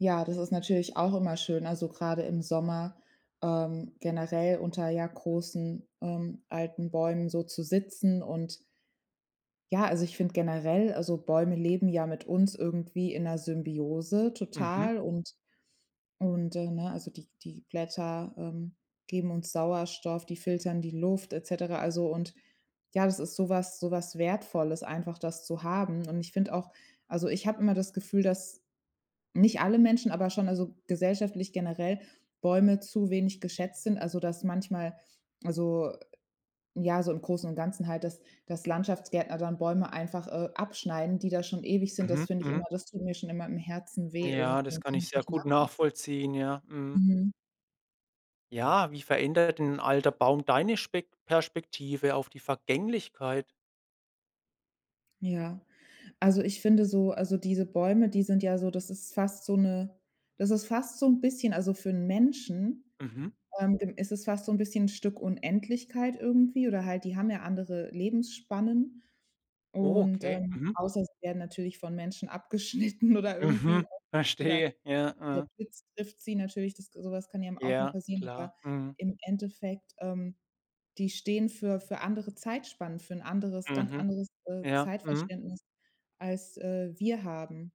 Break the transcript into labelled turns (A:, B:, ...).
A: Ja, das ist natürlich auch immer schön, also gerade im Sommer, ähm, generell unter, ja, großen, ähm, alten Bäumen so zu sitzen. Und ja, also ich finde generell, also, Bäume leben ja mit uns irgendwie in 'ner Symbiose
B: Mhm.
A: total und und, äh, ne, also, die die Blätter, ähm, geben uns Sauerstoff, die filtern die Luft etc. also, und ja, das ist sowas sowas Wertvolles einfach, das zu haben. Und ich finde auch also, ich habe immer das Gefühl, dass nicht alle Menschen, aber schon also gesellschaftlich generell Bäume zu wenig geschätzt sind. Also, dass manchmal, also ja, so im Großen und Ganzen halt, dass dass Landschaftsgärtner dann Bäume einfach, äh, abschneiden, die da schon ewig sind. Das
B: Mhm
A: finde ich immer
B: mhm.
A: das tut mir schon immer im Herzen weh
B: Ja,
A: irgendwie.
B: das
A: Das
B: kann
A: kann
B: ich
A: ich
B: sehr
A: nicht
B: gut
A: nachvollziehen.
B: nachvollziehen. Ja, mhm.
A: Mhm.
B: Ja, wie verändert 'n alter Baum deine Spek Perspektive auf die Vergänglichkeit?
A: Ja. Also, ich finde so also, diese Bäume, die sind ja so das ist fast so 'ne das ist fast so 'n bisschen also für 'n Menschen,
B: Mhm.
A: ähm, g ist es fast so 'n bisschen Stück Unendlichkeit irgendwie oder halt die haben ja andere Lebensspannen
B: Oh,
A: und,
B: okay.
A: ähm
B: Mhm.
A: außer sie werden natürlich von Menschen abgeschnitten oder
B: Mhm,
A: irgendwie oder
B: verstehe. Ja,
A: [unintelligible] der
B: ah.
A: Blitz trifft sie natürlich, das ge sowas kann ja m auch mal
B: Ja
A: passieren.
B: klar.
A: Aber
B: Mhm.
A: im Endeffekt, ähm, die stehen für für andere Zeitspannen, für 'n anderes ganz
B: Mhm.
A: anderes, äh,
B: Ja, mhm.
A: Zeitverständnis, als, äh, wir haben.